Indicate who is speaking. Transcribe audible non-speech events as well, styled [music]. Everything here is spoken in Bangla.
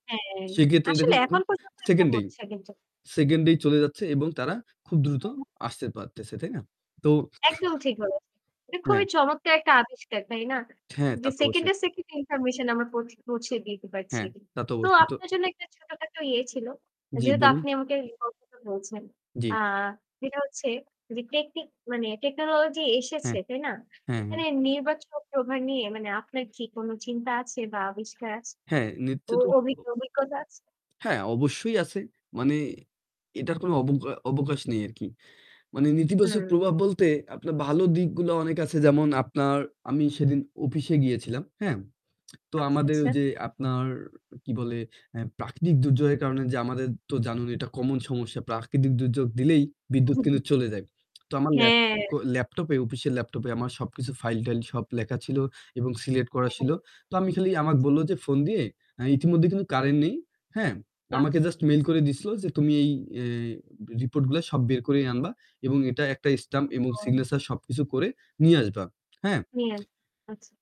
Speaker 1: হ্যাঁ
Speaker 2: সেক্ষেত্রে দেখুন
Speaker 1: আসলেই
Speaker 2: এখন
Speaker 1: এখন পর্যন্ত এটা
Speaker 2: সেকেন্ডেই,
Speaker 1: হচ্ছে কিন্তু।
Speaker 2: সেকেন্ডেই চলে যাচ্ছে এবং তারা খুব দ্রুত আসতে পারতেছে, তাই না? তো
Speaker 1: একদম ঠিক বলেছেন। এটা
Speaker 2: হ্যাঁ।
Speaker 1: খুবই চমৎকার একটা আবিষ্কার তাই না?
Speaker 2: হ্যাঁ, তা
Speaker 1: যে
Speaker 2: তো অবশ্যই।
Speaker 1: সেকেন্ডে, সেকেন্ডে ইনফরমেশন আমার পৌঁ পৌঁছে দিতে পারছি।
Speaker 2: হ্যাঁ, তা তো
Speaker 1: তো
Speaker 2: অবশ্যই তো
Speaker 1: আপনার জন্য একটা ছোটখাটো ইয়ে ছিল
Speaker 2: জী
Speaker 1: যেহেতু
Speaker 2: বলুন।
Speaker 1: আপনি আমাকে information বলছেন।
Speaker 2: জ্বি।
Speaker 1: আ যেটা হচ্ছে টেকনিক মানে টেকনোলজি এসেছে
Speaker 2: হ্যাঁ।
Speaker 1: তাই না?
Speaker 2: হ্যাঁ, হ্যাঁ।
Speaker 1: এখানে নির্বাচক প্রভার নিয়ে মানে আপনার কি কোনো চিন্তা আছে বা আবিষ্কার আছে?
Speaker 2: হ্যাঁ, নিত্য
Speaker 1: অ
Speaker 2: তো
Speaker 1: অভি
Speaker 2: [unintelligible]
Speaker 1: অভিজ্ঞতা আছে?
Speaker 2: হ্যাঁ অবশ্যই আছে। মানে এটার কোনো অবগ অবকাশ নেই আরকি। মানে নেতিবাচক
Speaker 1: হুম।
Speaker 2: প্রভাব বলতে আপনার ভালো দিকগুলো অনেক আছে যেমন আপনার আমি সেদিন অফিসে গিয়েছিলাম। হ্যাঁ? [smacks lips] তো
Speaker 1: আচ্ছা
Speaker 2: আমাদের
Speaker 1: আচ্ছা।
Speaker 2: যে আপনার কি বলে অ্যা প্রাকৃতিক দুর্যোগের কারণে যে আমাদের তো জানুন এটা common সমস্যা। প্রাকৃতিক দুর্যোগ দিলেই
Speaker 1: উহ
Speaker 2: বিদ্যুৎ কিন্তু
Speaker 1: হু।
Speaker 2: চলে যায়। [smacks lips] তো আমার ল্যাপ
Speaker 1: হ্যাঁ।
Speaker 2: ল্যাপটপে অফিসিয়াল ল্যাপটপে আমার সবকিছু ফাইল-টাইল সব লেখা ছিল এবং সিলেক্ট করা
Speaker 1: হ্যাঁ,
Speaker 2: ছিল।
Speaker 1: হ্যাঁ।
Speaker 2: তো আমি খালি আমার বলল যে ফোন দিয়ে ইতিমধ্যে কিন্তু কারেন্ট নেই। হ্যাঁ, আমাকে জাস্ট
Speaker 1: যাচ্ছে।
Speaker 2: মেইল করে দিছিল যে "তুমি এই অ্যা রিপোর্ট গুলো সব বের করে আনবা। এবং এটা একটা স্ট্যাম্প এবং
Speaker 1: ওহ!
Speaker 2: সিগনেচার সবকিছু করে নিয়ে আসবা। হ্যাঁ?"
Speaker 1: হ্যাঁ, আচ্ছা।